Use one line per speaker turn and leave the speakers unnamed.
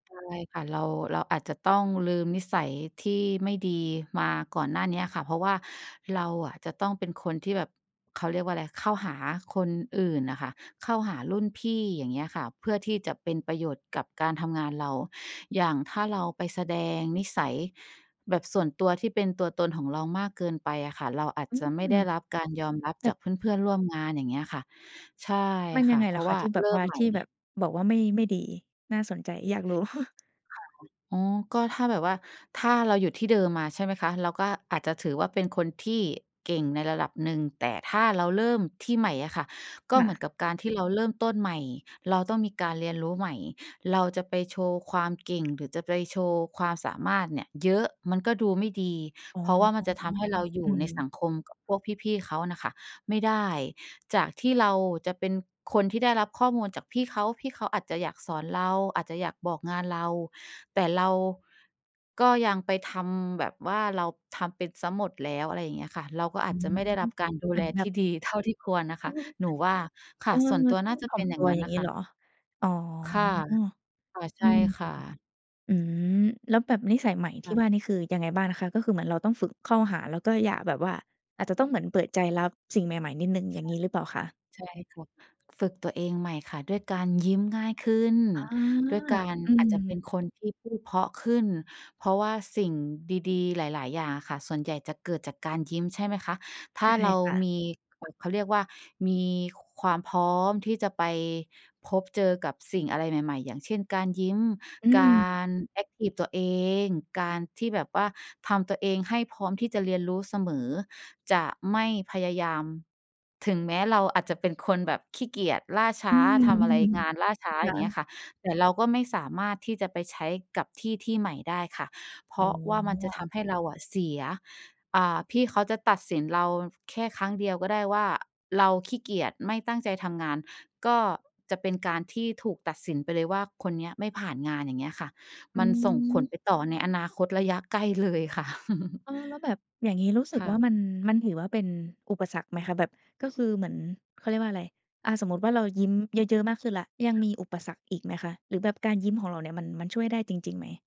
ใช่ค่ะ เรา เราอาจจะต้องลืมนิสัยที่ไม่ดีมาก่อนหน้านี้อะค่ะ เพราะว่าเราอะ จะต้องเป็นคนที่แบบ เขาเรียกว่าอะไร เข้าหาคนอื่นน่ะค่ะ เข้าหารุ่นพี่ อย่างเงี้ยค่ะ เพื่อที่จะเป็นประโยชน์กับการทำงานเรา อย่างถ้าเราไปแสดงนิสัยแบบส่วนตัว ที่เป็นตัวตนของเรามากเกินไปอะค่ะ เราอาจ
อื
จะไม่
ม
ได้รับการยอมรับ
แต
จ
่
ากเพื่อน ๆ ร่วมงาน อย่างเงี้ยค่ะ ใช่
มัน
ค
ยั
่
ง
ะ
ไง
เพ
เหร
รา
อ
ะ
ค
ว
ะ?
่า
ที่แบ
เร
บ
ิ่
ว่
ม
า
ใหม
ท
่
ี่แบบ บอกว่าไม่ ไม่ดี น่าสนใจอยากรู้?
ค่ะ อ อ๋อ ก็ถ้าแบบว่า ถ้าเราอยู่ที่เดิมมาใช่ไหมคะ? เราก็อาจจะถือว่า เป็นคนที่เก่งในระดับหนึ่ง แต่ถ้าเราเริ่มที่ใหม่อะค่ะ ก็
ค
เ
่
หมือน
ะ
กับการที่เราเริ่มต้นใหม่ เราต้องมีการเรียนรู้ใหม่ เราจะไปโชว์ความเก่ง หรือจะไปโชว์ความสามารถเนี่ยเยอะ มันก็ดูไม่ดี
อ๋อ
เพราะว่ามันจะทำให้เราอย
อ
ู่
ื
ในส
ม
ังคมกับพวกพี่ ๆ เขาน่ะค่ะไม่ได้ จากที่เราจะเป็นคนที่ได้รับข้อมูลจากพี่เขา พี่เขาอาจจะอยากสอนเรา อาจจะอยากบอกงานเรา แต่เรา ก็ยังไปทำแบบว่าเราทำเป็นเสียหมดแล้ว อะไรอย่างเงี้ยค่ะ เราก็อ
อ
า
ื
จจะไม่ไ
ม
ด้รับการดู
เหม
แ
ื
ล
อนแบ
ที
บ
่ดีเท่าที่ควรนะค
อื
ะ
ม
หนูว่า ค
เอ
่ะ
อ
ส่วนตัว
ต้
น
อ
่
ง
าจะ
ถ่
เ
อ
ป็
ม
นอย
ต
่า
ั
ง
ว
งั้
อ
น
ย่า
น
ง
่ะ
นี้
ค่
เหร
ะ
อ? อ๋อ
ค่ะ ค่ะ ใ
อ
ช
ื
่
ม
ค่ะ
อืม แล้วแบบนิสัยใหม่ท
ค
ี
่
่ว
ะ
่านี่คือยังไงบ้างนะคะ? ก็คือเหมือนเราต้องฝึกเข้าหา แล้วก็อย่าแบบว่า อาจจะต้องเหมือนเปิดใจรับสิ่งใหม่ ๆ นิดหนึ่ง อย่างงี้หรือเปล่าคะ?
[unintelligible] ใช่ค่ะ ฝึกตัวเองใหม่ค่ะ ด้วยการยิ้มง่ายขึ้น
อา
ด้วยการ
อื
อาจจะเป
ม
็นคนที่พูดเพราะขึ้น เพราะว่าสิ่งดี ๆ หลาย ๆ อย่างอะค่ะ ส่วนใหญ่จะเกิดจากการยิ้มใช่ไหมคะ? ถ
ใ
้
ช
า
่
เรา
ค่ะ
มี อ เขาเรียกว่า มีความพร้อมที่จะไปพบเจอกับสิ่งอะไรใหม่ ๆ อย่างเช่น การยิ้ม
อื
กา
ม
ร แอ็กทิฟตัวเอง การที่แบบว่าทำตัวเองให้พร้อมที่จะเรียนรู้เสมอ จะไม่พยายาม ถึงแม้เราอาจจะเป็นคนแบบขี้เกียจ ล่าช้
อื
า ทำอะไร
ม
งานล่าช้า
ค
อ
่
ย่างเงี้ย
ะ
ค่ะ แต่เราก็ไม่สามารถที่จะไปใช้กับที่ที่ใหม่ได้ค่ะ เพ
อ
ร
๋
าะว่ามันจะท
อ
ำให้เราอะเสีย อ่า พี่เขาจะตัดสินเราแค่ครั้งเดียวก็ได้ว่า เราขี้เกียจ ไม่ตั้งใจทำงาน ก็จะเป็นการที่ถูกตัดสินไปเลยว่า คนเนี้ยไม่ผ่านงาน อย่างเงี้ยค่ะ
อื
มันส่งผล
ม
ไปต่อในอนาคตระยะใกล้ เลยค่ะ
เออ แล้วแบบอย่างงี้ รู้สึก
ค่
ว
ะ
่า มัน มันถือว่าเป็นอุปสรรคไหมคะ? แบบก็คือเหมือน เขาเรียกว่าอะไร อะ สมมุติว่า เรายิ้มเยอะ ๆ มากขึ้นแล้ว ยังมีอุปสรรคอีกไหมคะ? หรือแบบการยิ้มของเราเนี่ยมัน มันช่วยได้จริง ๆ ไหม?